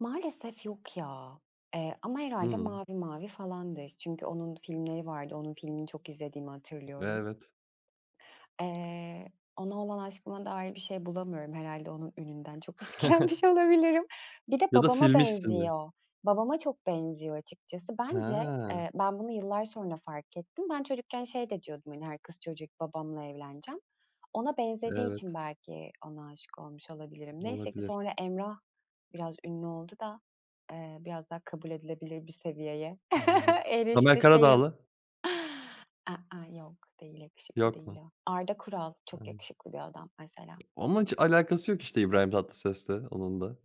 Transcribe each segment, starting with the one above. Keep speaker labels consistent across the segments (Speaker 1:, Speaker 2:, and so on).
Speaker 1: Maalesef yok ya, eee, ama herhâlde
Speaker 2: Hıı.
Speaker 1: Mavi Mavi falandır, çünkü onun filmleri vardı, onun filmini çok izlediğimi hatırlıyorum.
Speaker 2: Evet.
Speaker 1: Eee, ona olan aşkıma dair bir şey bulamıyorum, herhâlde onun ününden, çok etkilenmiş olabilirim. Bir de,
Speaker 2: Ya da
Speaker 1: babama
Speaker 2: silmişsindir.
Speaker 1: benziyor, babama çok benziyor açıkçası. Bence,
Speaker 2: Hee.
Speaker 1: eee, ben bunu yıllar sonra fark ettim. Ben çocukken şey de diyordum, hani, her kız çocuğu gibi, babamla evleneceğim. Ona benzediği
Speaker 2: Evet.
Speaker 1: için, belki ona aşık olmuş olabilirim. Neyse ki,
Speaker 2: Olabilir.
Speaker 1: sonra Emrah biraz ünlü oldu da, eee, biraz daha kabul edilebilir bir seviyeye
Speaker 2: Anladım. Tamer
Speaker 1: erişti şeyim.
Speaker 2: Karadağlı.
Speaker 1: I ıh yok, değil, yakışıklı
Speaker 2: Yok
Speaker 1: değil
Speaker 2: mu?
Speaker 1: o. Arda Kural, çok
Speaker 2: Anladım.
Speaker 1: yakışıklı bir adam mesela.
Speaker 2: Onunla hiç alakası yok işte, İbrahim Tatlıses'le onunla.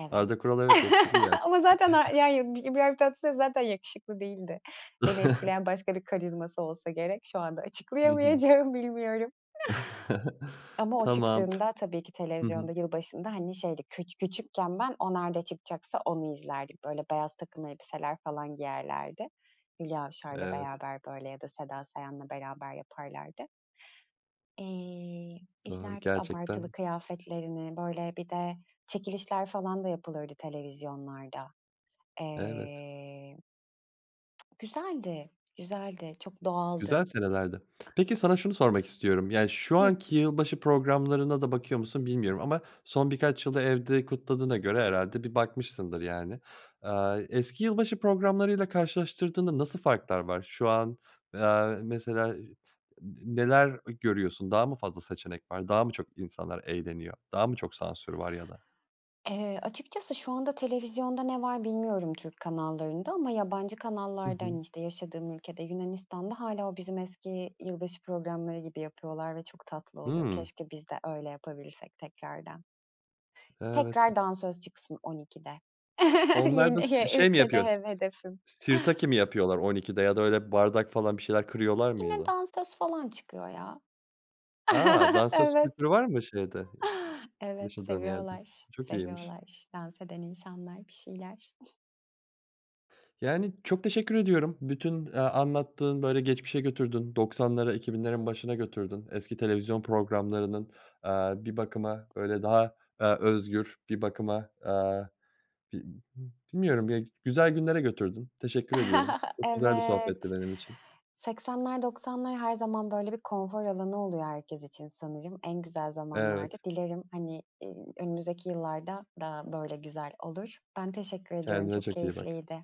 Speaker 1: Evet.
Speaker 2: Arda Kural evet, yakışıklı yani.
Speaker 1: Ama zaten a yani İbrahim Tatlıses zaten yakışıklı değildi. Beni etkileyen, başka bir karizması olsa gerek. Şu anda
Speaker 2: Hı hı.
Speaker 1: açıklayamayacağım bilmiyorum. Ama o
Speaker 2: Tamam.
Speaker 1: çıktığında, tabii ki,
Speaker 2: Hı
Speaker 1: televizyonda
Speaker 2: hı.
Speaker 1: yılbaşında, hani, şeydi küç küçükken, ben o nerede çıkacaksa onu izlerdik, böyle beyaz takım elbiseler falan giyerlerdi. Hülya Avşar'la
Speaker 2: Evet.
Speaker 1: beraber, böyle, ya da Seda Sayan'la beraber yaparlardı. İii,
Speaker 2: Doğru
Speaker 1: izlerdik abartılı
Speaker 2: gerçekten ş
Speaker 1: kıyafetlerini, böyle bir de çekilişler falan da yapılırdı televizyonlarda.
Speaker 2: Evet.
Speaker 1: Eee. Güzeldi, güzeldi, çok
Speaker 2: Güzel
Speaker 1: doğaldı.
Speaker 2: senelerdi. Peki, sana şunu sormak istiyorum, yani, şu
Speaker 1: Hıh.
Speaker 2: anki yılbaşı programlarına da bakıyor musun bilmiyorum ama, son birkaç yılı evde kutladığına göre, herhâlde bir bakmışsındır yani. Aaa, eski yılbaşı programlarıyla karşılaştırdığında nasıl farklar var şu an, aaa, mesela, n n neler, eee, görüyorsun, daha mı fazla seçenek var, daha mı çok insanlar eğleniyor, daha mı çok sansür var ya da?
Speaker 1: Eee, açıkçası şu anda televizyonda ne var bilmiyorum Türk kanallarında, ama yabancı
Speaker 2: Hı
Speaker 1: kanallarda,
Speaker 2: hı.
Speaker 1: hani, işte yaşadığım ülkede, Yunanistan'da hâlâ, o bizim eski yılbaşı programları gibi yapıyorlar ve çok tatlı oluyor,
Speaker 2: Hıı.
Speaker 1: keşke biz de öyle yapabilirsek tekrardan.
Speaker 2: Evet,
Speaker 1: Tekrar
Speaker 2: e
Speaker 1: dansöz çıksın 00.00'de.
Speaker 2: Onlarda
Speaker 1: Yeni
Speaker 2: s
Speaker 1: ye
Speaker 2: şey mi
Speaker 1: ülkede
Speaker 2: yapıyor s
Speaker 1: he
Speaker 2: s
Speaker 1: hedefim.
Speaker 2: sirtaki mi yapıyorlar 00.00'de ya da öyle bardak falan, bir şeyler kırıyorlar mı ya
Speaker 1: Yine
Speaker 2: da?
Speaker 1: dansöz falan çıkıyor ya.
Speaker 2: A! Dansöz
Speaker 1: Evet.
Speaker 2: kültürü var mı şeyde,
Speaker 1: Evet,
Speaker 2: yaşadığın yerde?
Speaker 1: seviyorlar,
Speaker 2: Çok iyiymiş.
Speaker 1: seviyorlar, dans eden insanlar, bir şeyler.
Speaker 2: Yani, çok teşekkür ediyorum, bütün, eee, anlattığın, böyle geçmişe götürdün 90'lara 2000'lerin başına götürdün, eski televizyon programlarının, aaa, bir bakıma, böyle daha, aaa, özgür, bir bakıma, aaa, bi b bilmiyorum ya, g güzel günlere götürdün, teşekkür ediyorum, çok güzel bir sohbetti
Speaker 1: Evet,
Speaker 2: benim için.
Speaker 1: 80'ler 90'lar her zaman, böyle bir konfor alanı oluyor herkes için sanırım, en güzel zamanlardı.
Speaker 2: Evet.
Speaker 1: Dilerim, hani, iii, önümüzdeki yıllarda da, böyle güzel olur. Ben teşekkür ediyorum
Speaker 2: Kendine
Speaker 1: çok
Speaker 2: çok iyi bak.
Speaker 1: keyifliydi.